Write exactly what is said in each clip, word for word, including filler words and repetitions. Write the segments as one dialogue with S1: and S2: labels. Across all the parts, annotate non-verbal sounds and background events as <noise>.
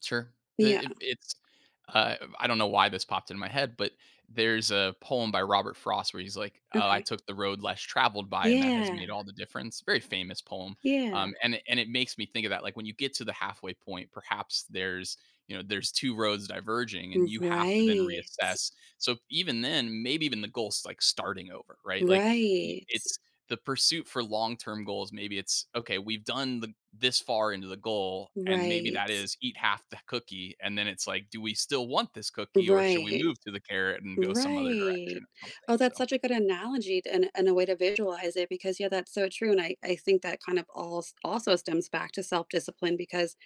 S1: Sure, it
S2: Yeah.
S1: it it's, uh, I don't know why this popped in my head, but there's a poem by Robert Frost where he's like, "Oh, I
S2: Okay.
S1: took the road less traveled by, and that has
S2: Yeah.
S1: made all the difference." Very famous poem,
S2: Yeah.
S1: um, and it and it makes me think of that, like, when you get to the halfway point, perhaps there's, you know, there's two roads diverging,
S2: W
S1: and you have to then
S2: right.
S1: reassess. So even then, maybe even the goal is, like, starting over, right, like, y
S2: Right.
S1: it's the pursuit for long term goals. Maybe it's, "Okay, we've done the this far into the goal." And maybe
S2: Right.
S1: that is eat half the cookie, and then it's like, "Do we still want this cookie, or should we
S2: Right.
S1: move to the carrot and go some other direction
S2: Right.
S1: or something,"
S2: Oh, that's
S1: so
S2: such a good analogy t and and a way to visualize it because yeah, that's so true, and I I think that kind of als also stems back to self-discipline because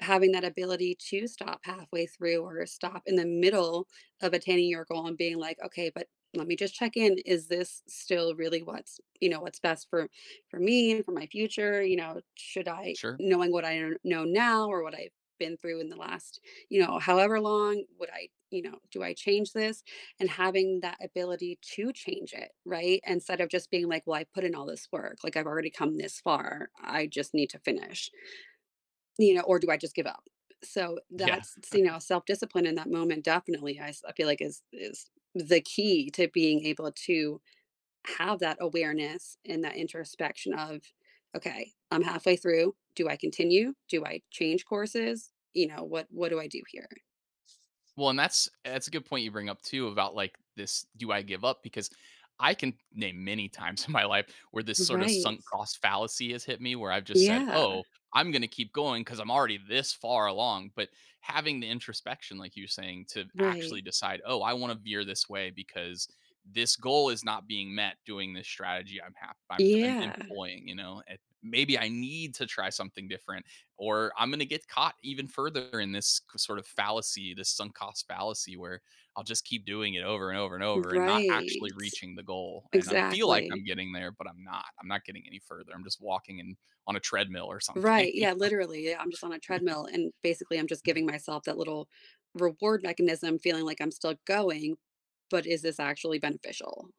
S2: having that ability to stop halfway through or stop in the middle of attaining your goal and being like, "Okay, but let me just check in, is this still really what's, you know, what's best for for me and for my future? You know, should I,
S1: Sure.
S2: knowing what I n know now or what I've been through in the last, you know, however long, would I, you know do I change this?" And having that ability to change it, right? Instead of just being like, "Well, I put in all this work, like. I've already come this far, I just need to finish" "you know, or do I just give up?" So
S1: Yeah.
S2: that's so, you
S1: <chuckles>
S2: know, self-discipline in that moment, definitely, I s I feel like is is the key to being able to have that awareness and that introspection of, "Okay, I'm halfway through, do I continue? Do I change courses? You know, what what do I do here?"
S1: Well, and that's that's a good point you bring up, too, about like this "Do I give up?" Because I can name many times in my life where this sort of
S2: Right.
S1: sunk cost fallacy has hit me, where I've just said,
S2: Yeah.
S1: "Oh, I'm gonna keep going 'cause I'm already this far along." But having the introspection, like you're saying, to actually
S2: Right.
S1: decide, "Oh, I want to veer this way because this goal is not being met doing this strategy. I'm ha I'm I'm
S2: Yeah.
S1: employing, you know, it maybe I need to try something different, or I'm gonna get caught even further in this c sort of fallacy, this sunk cost fallacy where I'll just keep doing it over and over and over and not actually
S2: Right.
S1: reaching the goal, and I'm feel like
S2: Exactly.
S1: I'm getting there, but I'm not. I'm not getting any further. I'm just walking in on a treadmill or something,
S2: Right,
S1: you
S2: yeah,
S1: know."
S2: literally, I'm just on a
S1: <chuckles>
S2: treadmill and basically I'm just giving myself that little reward mechanism feeling like I'm still going, but is this actually beneficial?